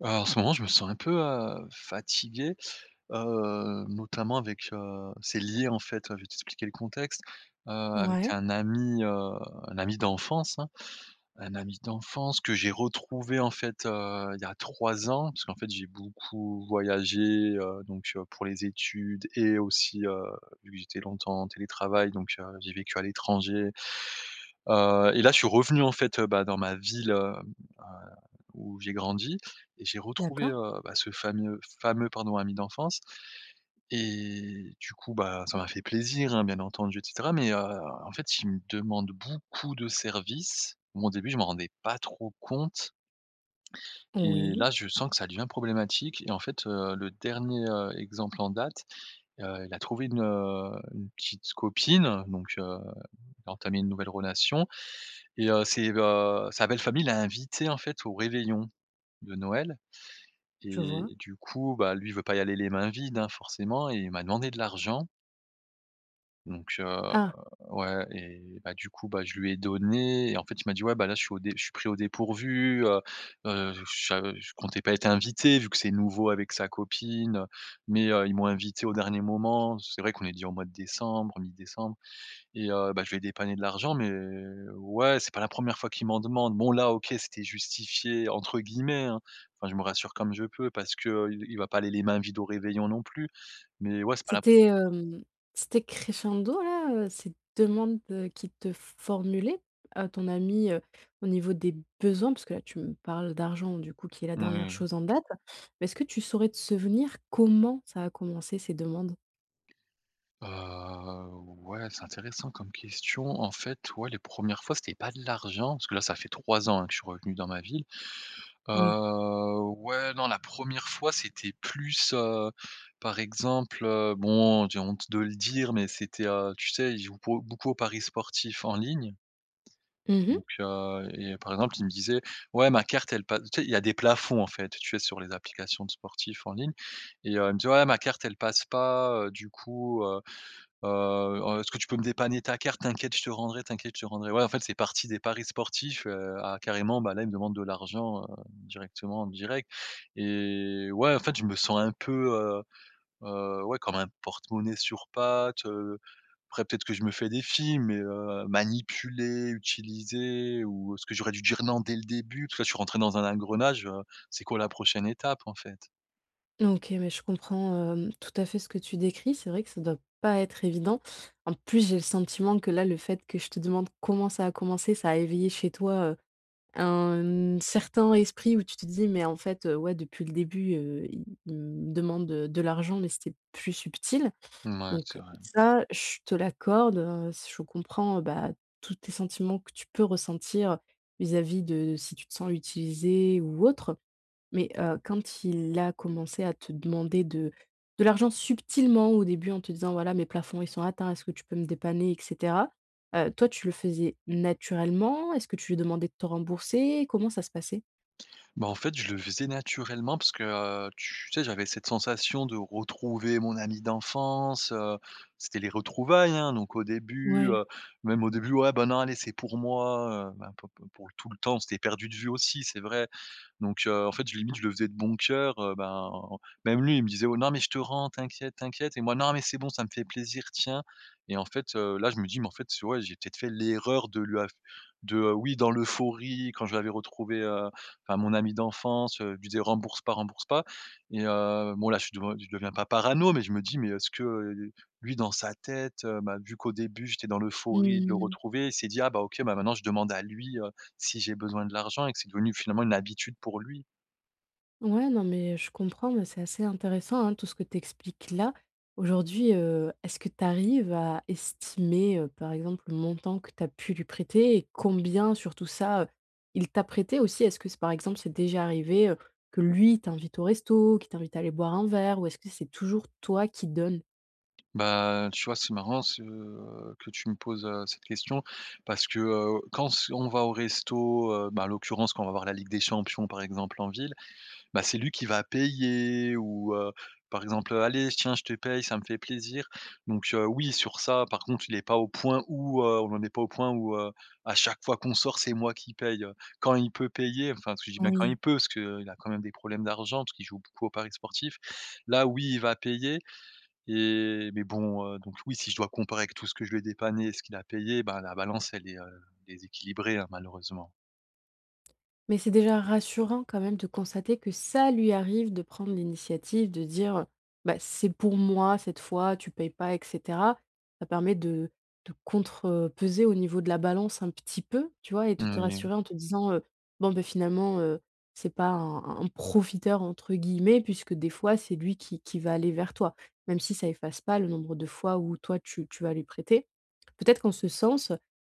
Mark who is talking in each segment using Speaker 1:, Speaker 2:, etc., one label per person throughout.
Speaker 1: Alors en ce moment je me sens un peu, heu, fatigué, heu, notamment avec, heu, c'est lié, en fait, enfin, je vais t'expliquer le contexte, heu, avec
Speaker 2: Ouais.
Speaker 1: un ami, heu un ami d'enfance, hein. Un ami d'enfance que j'ai retrouvé en fait, heu, il y a 3 ans parce qu'en fait j'ai beaucoup voyagé, heu, donc heu, pour les études et aussi, heu, vu que j'étais longtemps en télétravail, donc heu, j'ai vécu à l'étranger, heu et là je suis revenu en fait, heu, bah, dans ma ville, hem, à où j'ai grandi et j'ai retrouvé,
Speaker 2: D'accord.
Speaker 1: heu, bah, ce fameux- fameux, pardon, ami d'enfance et du coup, bah, ça m'a fait plaisir, hein, bien entendu et cetera mais heu, en fait, il me demande beaucoup de service, moi, au début, je m'en rendais pas trop compte et
Speaker 2: Oui.
Speaker 1: là je sens que ça devient problématique et en fait heu, le dernier, heu, exemple en date, heu, il a trouvé une, heu, une petite copine, donc heu, il a entamé une nouvelle relation et heu, c'est, heu, sa belle famille l'a invité, en fait, au réveillon de Noël
Speaker 2: Je
Speaker 1: et
Speaker 2: vois.
Speaker 1: du coup, bah, lui veut pas y aller les mains vides, hein, forcément et il m'a demandé de l'argent. Donc heu,
Speaker 2: Ah.
Speaker 1: ouais et bah du coup, bah, je lui ai donné et en fait il m'a dit: «Ouais bah, là je suis au dé je suis pris au dépourvu, heu heu, je sa je comptais pas être invité», vu que c'est nouveau avec sa copine, heu, «Mais heu, ils m'ont invité au dernier moment». C'est vrai qu'on est déjà au mois de décembre, mi-décembre et heu, bah, je lui ai dépanné de l'argent, mais, ouais, c'est pas la 1re fois qu'il m'en demande. Bon là OK, c'était «justifié» entre guillemets, hein. Enfin, je me rassure comme je peux, parce qu'il il va pas aller les mains vides au réveillon non plus. Mais, ouais, c'est pas la pre
Speaker 2: C'était, hem, c'était crescendo là, heu, ces demandes, heu, qu'il te formulait, heu, ton ami, heu, au niveau des besoins? Parce que là tu me parles d'argent, du coup qui est la dernière
Speaker 1: Moui.
Speaker 2: chose en date, mais est-ce que tu saurais te souvenir comment ça a commencé ces demandes?
Speaker 1: Heu, ouais, c'est intéressant comme question en fait. Ouais, les 1res fois, c'était pas de l'argent. Parce que là ça fait 3 ans hein, que je suis revenu dans ma ville,
Speaker 2: Oui.
Speaker 1: heu, ouais non, la 1re fois c'était plus, heu, par exemple, heu bon j'ai honte de le dire mais c'était, heu tu sais, il joue beau beaucoup aux paris sportifs en ligne,
Speaker 2: Mmh mh.
Speaker 1: donc heu et par exemple il me disait: «Ouais ma carte elle passe» tu sais, il y a des plafonds en fait, tu sais sur les applications de sportifs en ligne, et heu, il me dit: «Ouais ma carte elle passe pas, heu, du coup, heu heu, en est-ce que tu peux me dépanner ta carte? T'inquiète, je te rendrai t'inquiète, je te rendrai». Ouais, en fait c'est partie des paris sportifs, heu, à carrément bah là il me demande de l'argent, heu, directement en direct et ouais en fait je me sens un peu, heu heu, ouais comme un porte-monnaie sur pattes, heu, après peut-être que je me fais des films mais, heu, manipulé, utilisé ou est ce que j'aurais dû dire «non» dès le début? Parce que là je suis rentré dans un engrenage, heu, c'est quoi la prochaine étape en fait?
Speaker 2: OK, mais je comprends, hem, tout à fait ce que tu décris. C'est vrai que ça doit pas être évident, en plus, j'ai le sentiment que, là, le fait que je te demande: «Comment ça a commencé?», ça a éveillé chez toi, heu, un certain esprit où tu te dis: «Mais en fait, heu, ouais, depuis le début, heu, il me demande de de l'argent, mais c'était plus subtil»,
Speaker 1: Mouais, c'est
Speaker 2: donc
Speaker 1: vrai.
Speaker 2: ça, je te l'accorde, heu, je comprends, bah, tous tes sentiments que tu peux ressentir, vis-à-vis de si tu sens utiliser ou autre mais, heu, quand il a commencé à te demander de de l'argent subtilement au début, en te disant: «Voilà, mes plafonds, ils sont atteints. Est-ce que tu peux me dépanner et cetera», heu, toi, tu le faisais naturellement? Est-ce que tu lui demandais de te rembourser? Comment ça se passait?
Speaker 1: Bah, en fait, je le faisais naturellement, parce que, heu, tu sais, j'avais cette sensation de retrouver mon ami d'enfance, heu, c'était les retrouvailles, hein, donc au début,
Speaker 2: Ouais.
Speaker 1: heu, même au début: «Ouais, bah, non, allez, c'est pour moi», heu, bah, p p pour tout le temps où on s'était perdu de vue aussi, c'est vrai, donc heu, en fait, j limite, je le faisais de bon cœur, heu, ben, même lui, il me disait: «Oh non, mais je te rends, t'inquiète, t'inquiète» et moi: «Non, mais c'est bon, ça me fait plaisir, tiens!» et en fait, heu, là, je me dis: «Mais en fait, tu ouais j'ai peut-être fait l'erreur de lui af de», oui, dans l'euphorie quand je l'avais retrouvé, heu, enfin, mon ami d'enfance, heu, je lui disait: «Rembourse pas, rembourse pas!» et heu, bon, là, je suis de je deviens pas parano mais je me dis mais: «Est-ce que, heu, lui, dans sa tête, heu, bah, vu qu'au début j'étais dans
Speaker 2: Mmh
Speaker 1: l'euphorie de le
Speaker 2: mh.
Speaker 1: retrouver, il s'est dit: "Ah, bah, OK, bah, maintenant, je demande à lui, heu, si j'ai besoin de l'argent"», et que c'est devenu, finalement, une habitude pour lui.
Speaker 2: Ouais, non, mais, heu, je comprends, mais c'est assez intéressant, hein, tout ce que tu expliques, là. Aujourd'hui, heu, est-ce que tu arrives à estimer, heu, par exemple, le montant que tu as pu lui prêter et combien sur tout ça, heu, il t'a prêté aussi? Est-ce que c'est par exemple, c'est déjà arrivé, heu, que lui t'invite au resto, qu'il t'invite à aller boire un verre, ou est-ce que c'est toujours toi qui donnes?
Speaker 1: Ben, tu vois c'est marrant ce, heu, que tu me poses, heu, cette question, parce que, heu, quand s on va au resto, heu, bah, à l'occurrence quand on va avoir la Ligue des Champions, par exemple, en ville, bah, c'est lui qui va payer ou, heu, par exemple, heu: «Allez, j tiens, je te paye, ça me fait plaisir», donc, heu, oui, sur ça, par contre, il est pas au point où, heu on n'en est pas au point où, heu, à chaque fois qu'on sort, c'est moi qui paye. Quand il peut payer, enfin, parce que je dis bien quand il
Speaker 2: Oui.
Speaker 1: peut, parce qu'il a quand même des problèmes d'argent, parce qu'il joue beaucoup au paris sportifs, là, oui, il va payer, et mais bon, heu donc oui, si je dois comparer avec tout ce que je lui ai dépanné et ce qu'il a payé, bah, la balance, elle est, heu, déséquilibrée, hein, malheureusement.
Speaker 2: Mais c'est déjà rassurant, quand même, de constater que ça lui arrive de prendre l'initiative, de dire, heu: «Bah, c'est pour moi, cette fois, tu payes pas, et cetera». Ça permet de de contrepeser au niveau de la balance un petit peu, tu vois, et de
Speaker 1: Mmh
Speaker 2: te
Speaker 1: mh.
Speaker 2: rassurer en te disant, heu: «Bon, ben, finalement, heu, c'est pas un un un "profiteur"», entre guillemets, puisque des fois, c'est lui qui qui va aller vers toi. Même si ça efface pas le nombre de fois, où, toi tu tu vas lui prêter. Peut-être qu'en ce sens,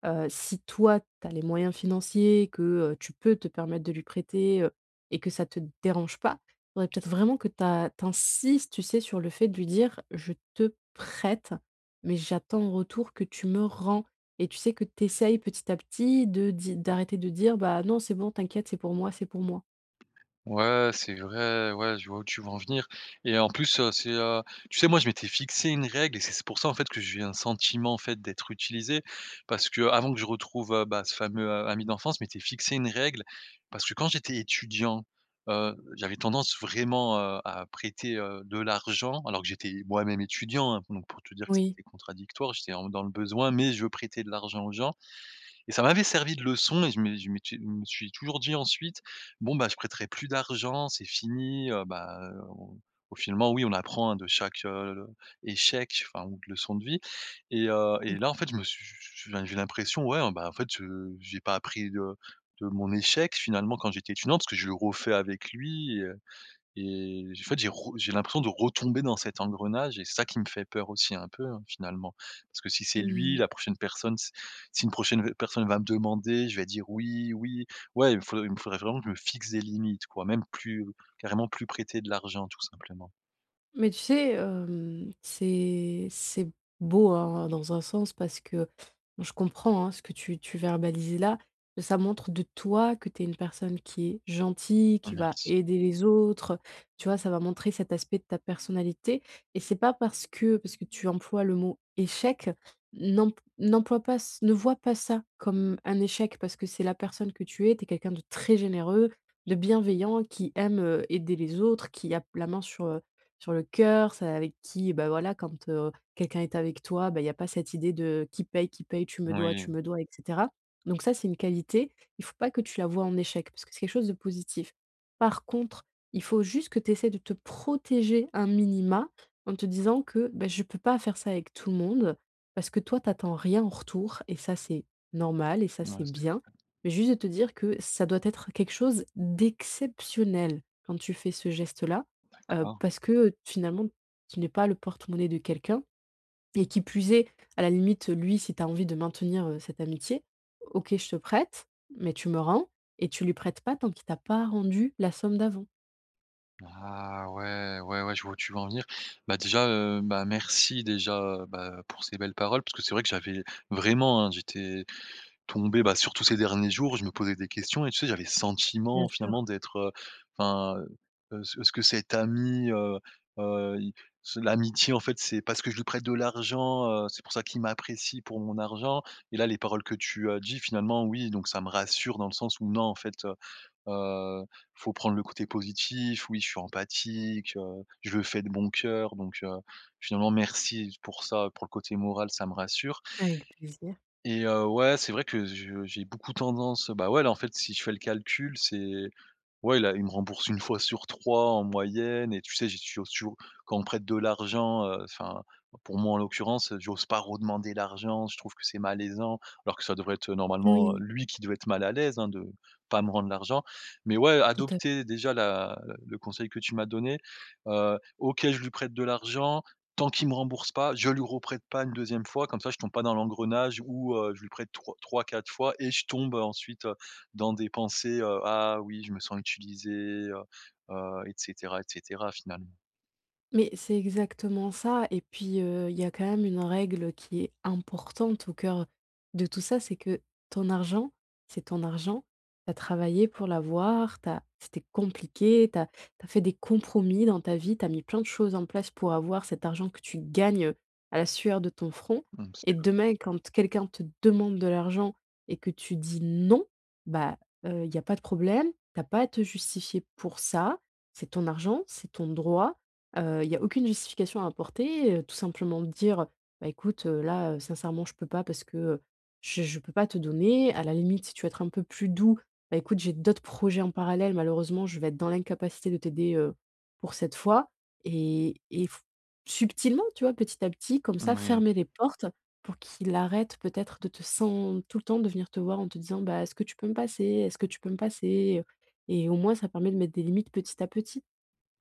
Speaker 2: heu, si toi, tu as les moyens financiers que, heu, tu peux te permettre de lui prêter, heu, et que ça te dérange pas, il faudrait peut-être vraiment que ta tu insistes, tu sais, sur le fait de lui dire: «Je te prête, mais j'attends en retour que tu me rends», et tu sais, que tu essaies petit à petit de di d'arrêter de dire: «Bah, non, c'est bon, t'inquiète, c'est pour moi, c'est pour moi».
Speaker 1: Ouais, c'est vrai, ouais, je vois où tu veux en venir et en plus, heu, c'est, heu, tu sais, moi, je m'étais fixé une règle et c'est c'est pour ça, en fait, que je vis un sentiment, en fait, d'être utilisé, parce qu'avant que je retrouve, heu, bah, ce fameux, heu, ami d'enfance, je m'étais fixé une règle parce que quand j'étais étudiant, heu, j'avais tendance vraiment, heu, à prêter, heu, de l'argent, alors que j'étais moi-même étudiant, hein, donc pour te dire que
Speaker 2: Oui.
Speaker 1: c'était contradictoire, j'étais vraiment dans le besoin mais je veux prêter de l'argent aux gens et ça m'avait servi de leçon et je me je m'étais je me suis toujours dit ensuite: «Bon, bah, je prêterai plus d'argent, c'est fini», heu, bah, au au finalement, oui, on apprend, hein, de chaque, heu, échec enfin ou de leçon de vie et
Speaker 2: Je
Speaker 1: heu et
Speaker 2: compr
Speaker 1: là, en fait, je me su su su enfin, j'ai l'impression ouais, ben, en fait, heu, j'ai pas appris, heu, de mon échec, finalement, quand j'étais étudiant parce que je refais avec lui, heu et en fait, j'ai re j'ai l'impression de retomber dans cet engrenage et ça qui me fait peur aussi un peu, hein, finalement parce que si c'est
Speaker 2: Mmh
Speaker 1: lui
Speaker 2: mh.
Speaker 1: la prochaine personne, c'est si une prochaine, heu, personne va me demander, je vais dire: «Oui, oui», ouais, il me faut il me faudrait vraiment que je me fixe des limites, quoi, même plus carrément, plus prêter de l'argent, tout simplement.
Speaker 2: Mais tu sais, hem, c'est c'est beau, hein, dans un sens parce que, moi, je comprends hein, ce que tu tu verbalises là. Ça montre de toi, que tu es une personne qui est gentille,
Speaker 1: Oh,
Speaker 2: qui va
Speaker 1: merci.
Speaker 2: aider les autres, tu vois, ça va montrer cet aspect de ta personnalité et c'est pas parce que parce que tu emploies le mot «échec», n'emp n'emploie pas, ç ne vois pas ça comme un échec parce que c'est la personne que tu es, tu es quelqu'un de très généreux, de bienveillant, qui aime, heu, aider les autres, qui a p la main sur, heu, sur le cœur, celle avec qui, bah, voilà, quand, heu, quelqu'un est avec toi, bah, il y a pas cette idée de: «Qui paye qui paye?», «Tu me dois
Speaker 1: Oui.
Speaker 2: tu me dois» et cetera, donc ça, c'est une qualité. Il faut pas que tu la vois en échec, parce que c'est quelque chose de positif. Par contre, il faut juste que tu essaies de te protéger un minima en te disant que: «Bah, je peux pas faire ça avec tout le monde», parce que toi, tu attends rien en retour et ça, c'est normal et ça,
Speaker 1: Ouais,
Speaker 2: c'est
Speaker 1: c'est
Speaker 2: bien
Speaker 1: vrai.
Speaker 2: mais juste de te dire que ça doit être quelque chose d'exceptionnel quand tu fais ce geste-là, heu,
Speaker 1: D'accord.
Speaker 2: parce que, finalement, tu n'es pas le porte-monnaie de quelqu'un et qui plus est, à la limite, lui, si tu as envie de maintenir, heu, cette amitié: «OK, je te prête, mais tu me rends» et tu lui prêtes pas tant qu'il t'a pas rendu la somme d'avant.
Speaker 1: Ah ouais, ouais, ouais, je vois où tu veux en venir, bah, déjà, heu, bah, merci, déjà, bah, pour ces belles paroles parce que c'est vrai que j'avais vraiment, hein, j'étais tombé, bah, surtout ces derniers jours, je me posais des questions et tu sais, j'avais le
Speaker 2: Bien
Speaker 1: sentiment
Speaker 2: sûr.
Speaker 1: finalement d'être, heu, enfin, heu, est-ce que cet ami, heu heu, il s l'amitié en fait, c'est parce que je lui prête de l'argent, heu, c'est pour ça qu'il m'apprécie pour mon argent et là les paroles que tu as dit, finalement, oui, donc ça me rassure dans le sens où, non, en fait, heu heu, faut prendre le côté positif, oui, je suis empathique, heu, je le fais de bon cœur, donc heu, finalement, merci pour ça, pour le côté moral, ça me rassure
Speaker 2: Avec plaisir.
Speaker 1: et heu, ouais, c'est vrai que je j'ai beaucoup tendance, bah, ouais, là, en fait, si je fais le calcul c'est ouais, là, il me rembourse 1 fois sur 3 en moyenne et tu sais, j'ai toujours toujours, quand on me prête de l'argent, heu, enfin, pour moi, en l'occurrence, j'ose pas redemander l'argent, je trouve que c'est malaisant alors que ça devrait être normalement,
Speaker 2: Oui.
Speaker 1: lui, qui devait être mal à l'aise, hein, de pas me rendre l'argent. Mais ouais,
Speaker 2: Tout à f
Speaker 1: adopter, déjà, la le conseil que tu m'as donné, heu, OK, je lui prête de l'argent tant qu'il me rembourse pas, je lui reprête pas une 2e fois comme ça, je tombe pas dans l'engrenage où, heu, je lui prête trois 3-4 fois et je tombe ensuite, heu, dans des pensées, heu: «Ah oui, je me sens utilisé», heu heu et cetera et cetera finalement.
Speaker 2: Mais c'est exactement ça et puis, heu, il y a quand même une règle qui est importante au cœur de tout ça, c'est que ton argent, c'est ton argent, tu as travaillé pour l'avoir, tu as c'était compliqué, tu as tu as fait des compromis dans ta vie, tu as mis plein de choses en place pour avoir cet argent que tu gagnes à la sueur de ton front
Speaker 1: Mmh, c'est
Speaker 2: et
Speaker 1: vrai.
Speaker 2: demain, quand quelqu'un te demande de l'argent et que tu dis: «Non», bah, heu, il y a pas de problème, tu as pas à te justifier pour ça. C'est ton argent, c'est ton droit, heu, il y a aucune justification à apporter, heu, tout simplement de dire, heu: «Bah, écoute, heu, là, heu, sincèrement, je peux pas parce que, heu, je je peux pas te donner», à la limite, si tu veux être un peu plus doux: «Bah, écoute, j'ai d'autres projets en parallèle, malheureusement, je vais être dans l'incapacité de t'aider, heu, pour cette fois» et et f subtilement, tu vois, petit à petit, comme ça,
Speaker 1: Moui.
Speaker 2: fermer les portes pour qu'il arrête, peut-être, de te sen tout le temps de venir te voir en te disant: «Bah, est-ce que tu peux me passer est-ce que tu peux me passer, heu?» et au moins ça permet de mettre des limites petit à petit.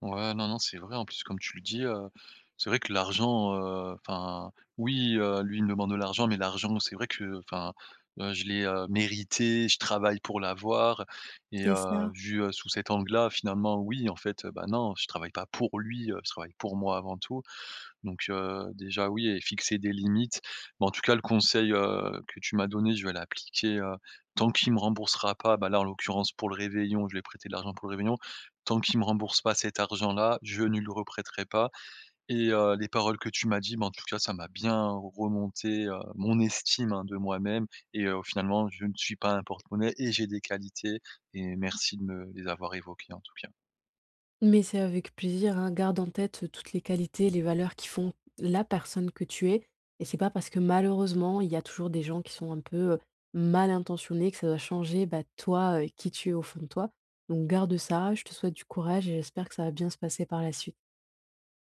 Speaker 1: Ouais, non, non, c'est vrai en plus comme tu le dis, heu, c'est vrai que l'argent, heu, enfin, oui, heu, lui, il me demande de l'argent mais l'argent c'est vrai que enfin, heu, je l'ai, heu, mérité, je travaille pour l'avoir et
Speaker 2: C'est
Speaker 1: heu,
Speaker 2: ça.
Speaker 1: vu, heu, sous cet angle-là, finalement, oui, en fait, heu, bah, non, je travaille pas pour lui, heu, je travaille pour moi avant tout, donc heu, déjà, oui et fixer des limites. Mais en tout cas le conseil, heu, que tu m'as donné je vais l'appliquer, heu, tant qu'il me remboursera pas, bah, là, en l'occurrence, pour le réveillon, je lui ai prêté de l'argent pour le réveillon. Tant qu'il me rembourse pas cet argent là, je ne lui reprêterai pas et heu, les paroles que tu m'as dit, bah, en tout cas ça m'a bien remonté, heu, mon estime, hein, de moi-même et heu, finalement, je ne suis pas un porte-monnaie et j'ai des qualités et merci de me les avoir évoqué, en tout cas.
Speaker 2: Mais c'est avec plaisir, hein, garde en tête toutes les qualités, les valeurs qui font la personne que tu es et c'est pas parce que malheureusement, il y a toujours des gens qui sont un peu, heu, mal intentionnés que ça va changer, bah, toi, heu, qui tu es au fond de toi, donc garde ça, je te souhaite du courage et j'espère que ça va bien se passer par la suite.